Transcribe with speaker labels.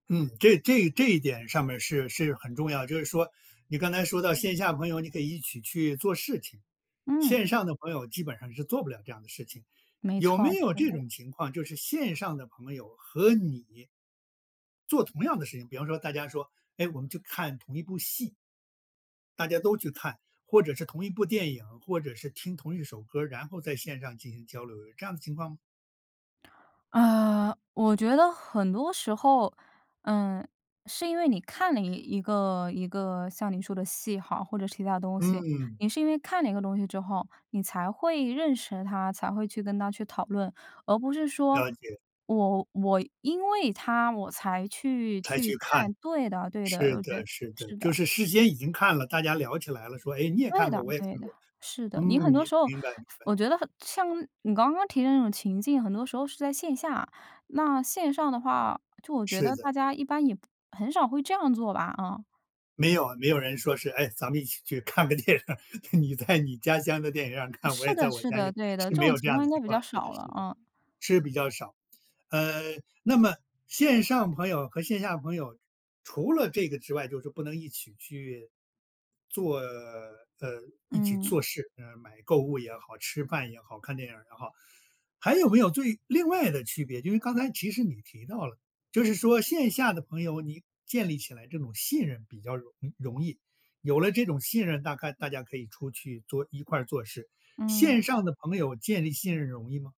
Speaker 1: 嗯，这这这一点上面儿是是很重要。就是说你刚才说到线下朋友，你可以一起去做事情，
Speaker 2: 嗯。
Speaker 1: 线上的朋友基本上是做不了这样的事情，
Speaker 2: 没
Speaker 1: 有
Speaker 2: 错，
Speaker 1: 没有
Speaker 2: 是
Speaker 1: 这
Speaker 2: 的。
Speaker 1: 种情况，就是线上的朋友和你做同样的事情，比方说大家说，诶，我们去看同一部戏？大家都去看。或者是同一部电影，或者是听同一首歌儿，然后在线上进行交流，有这样的情况嘛？
Speaker 2: 呃，我觉得很多时候，嗯，是因为你看了一一个一个像你说的戏好或者其它东西，
Speaker 1: 嗯。
Speaker 2: 你是因为看了一个东西之后，你才会认识他，才会去跟他去讨论。而不是说
Speaker 1: 了解。
Speaker 2: 我我因为他我才去
Speaker 1: 才
Speaker 2: 去
Speaker 1: 去看，
Speaker 2: 看，对的对的，
Speaker 1: 是
Speaker 2: 我
Speaker 1: 的
Speaker 2: 觉得
Speaker 1: 是的。
Speaker 2: 是
Speaker 1: 就
Speaker 2: 的。
Speaker 1: 是事先已经看了，大家聊起来了，说：“诶？你也
Speaker 2: 对
Speaker 1: 看
Speaker 2: 的
Speaker 1: 过，我也
Speaker 2: 对
Speaker 1: 看
Speaker 2: 的，
Speaker 1: 过。”
Speaker 2: 是的，
Speaker 1: 嗯，
Speaker 2: 你很多
Speaker 1: 明
Speaker 2: 时候发
Speaker 1: 明白明白。
Speaker 2: 我觉得像你刚刚提的那种情境，很多时候是在线下。那线上的话，就我觉
Speaker 1: 是
Speaker 2: 得
Speaker 1: 的。
Speaker 2: 大家一般也很少会这样做吧，啊。
Speaker 1: 没有啊，没有人说是，诶，咱们一起去看个电影，你在你家乡的电影院看，我
Speaker 2: 是
Speaker 1: 也
Speaker 2: 的
Speaker 1: 在我
Speaker 2: 是
Speaker 1: 家
Speaker 2: 的，
Speaker 1: 乡，
Speaker 2: 对的，
Speaker 1: 是
Speaker 2: 这
Speaker 1: 没
Speaker 2: 种
Speaker 1: 有这
Speaker 2: 情
Speaker 1: 样
Speaker 2: 况
Speaker 1: 的
Speaker 2: 应该
Speaker 1: 情
Speaker 2: 比
Speaker 1: 况，
Speaker 2: 较
Speaker 1: 是的
Speaker 2: 少了
Speaker 1: 是的，
Speaker 2: 啊。
Speaker 1: 是比较少。呃，那么线上朋友和线下朋友，除了这个之外，就是不能一起去，做呃，一起
Speaker 2: 嗯。
Speaker 1: 做事，呃，买购物也好，吃饭也好，看电影也好，还有没有最另外的区别，就是刚才其实你提到了，就是说线下的朋友，你建立起来这种信任比较容易容易，有了这种信任，大概大家可以出去做一块做事，线
Speaker 2: 嗯。
Speaker 1: 上的朋友建立信任容易吗？